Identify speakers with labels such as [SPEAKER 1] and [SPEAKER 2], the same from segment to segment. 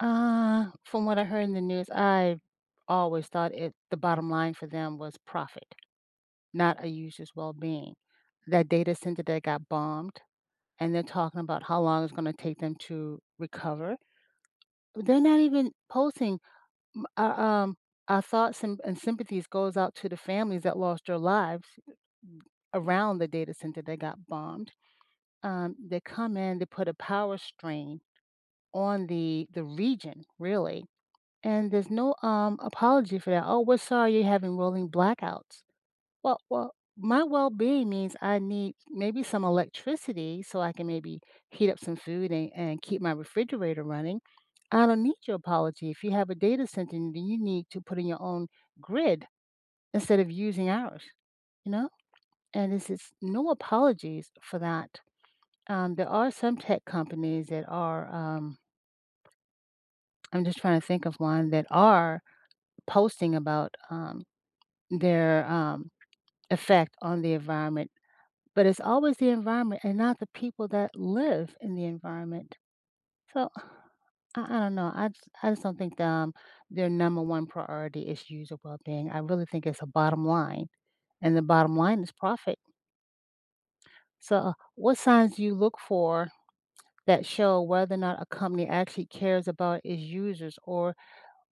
[SPEAKER 1] Uh, from what I heard in the news, I always thought it the bottom line for them was profit, not a user's well-being. That data center that got bombed, and they're talking about how long it's gonna take them to recover, they're not even posting, m u um, "Our thoughts and and sympathies goes out to the families that lost their lives," eh, m around the data center that got bombed. Um, they come in, they put a power strain on the the region, really, and there's no, um, apology for that. "Oh, we're sorry you're having rolling blackouts." Well well, my well-being means I need maybe some electricity, so I can maybe heat up some food and and keep my refrigerator running. I don't need your apology. If you have a data center, then you need to put in your own grid, instead of using ours, you know? And this is no apologies for that. Um, there are some tech companies that are, um I'm just trying to think of one that are posting about, um, their, um, effect on the environment, but, it's always the environment and not the people that live in the environment. So I I don't know, I just I just don't think that, um, their number 1 priority is issues of well-being. I really think it's a bottom line, and the bottom line is profit. So, what signs do you look for that show whether or not a company actually cares about its users or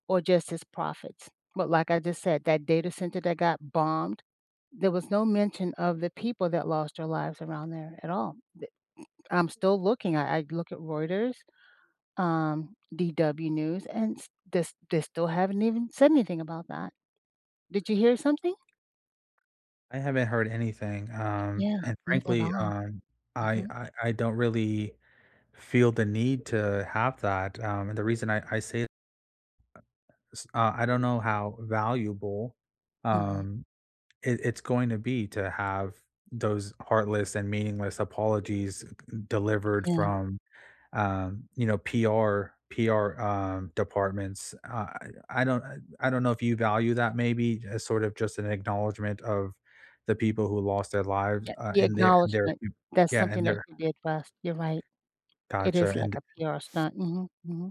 [SPEAKER 1] or just its profits? But, like I just said, that data center that got bombed, there was no mention of the people that lost their lives around there at all. Th m I'm still looking, I I look at Reuters, um, DW News, and st they they still haven't even said anything about that. Did you hear something?
[SPEAKER 2] I haven't heard anything, um,
[SPEAKER 1] Yeah,
[SPEAKER 2] and
[SPEAKER 1] neither have
[SPEAKER 2] frankly,
[SPEAKER 1] I.
[SPEAKER 2] um, I
[SPEAKER 1] Mhm.
[SPEAKER 2] I I don't really feel the need to have that, um, and the reason I I say uh, eh, s uh, I don't know how valuable,
[SPEAKER 1] Mhm.
[SPEAKER 2] um, it it's going to be to have those heartless and meaningless apologies delivered
[SPEAKER 1] Yeah.
[SPEAKER 2] from, um, you know, PR PR, um, departments. Uh, I I don't uh, I don't know if you value that maybe as sorta just an acknowledgement of the people who lost their lives,
[SPEAKER 1] Yeah,
[SPEAKER 2] uh,
[SPEAKER 1] the
[SPEAKER 2] and their their
[SPEAKER 1] acknowledgement.
[SPEAKER 2] m
[SPEAKER 1] That's
[SPEAKER 2] Yeah,
[SPEAKER 1] something
[SPEAKER 2] and
[SPEAKER 1] that
[SPEAKER 2] their
[SPEAKER 1] you did last you're right. It
[SPEAKER 2] Gotcha,
[SPEAKER 1] is, like,
[SPEAKER 2] and
[SPEAKER 1] a PR stunt. Mhm, mhm.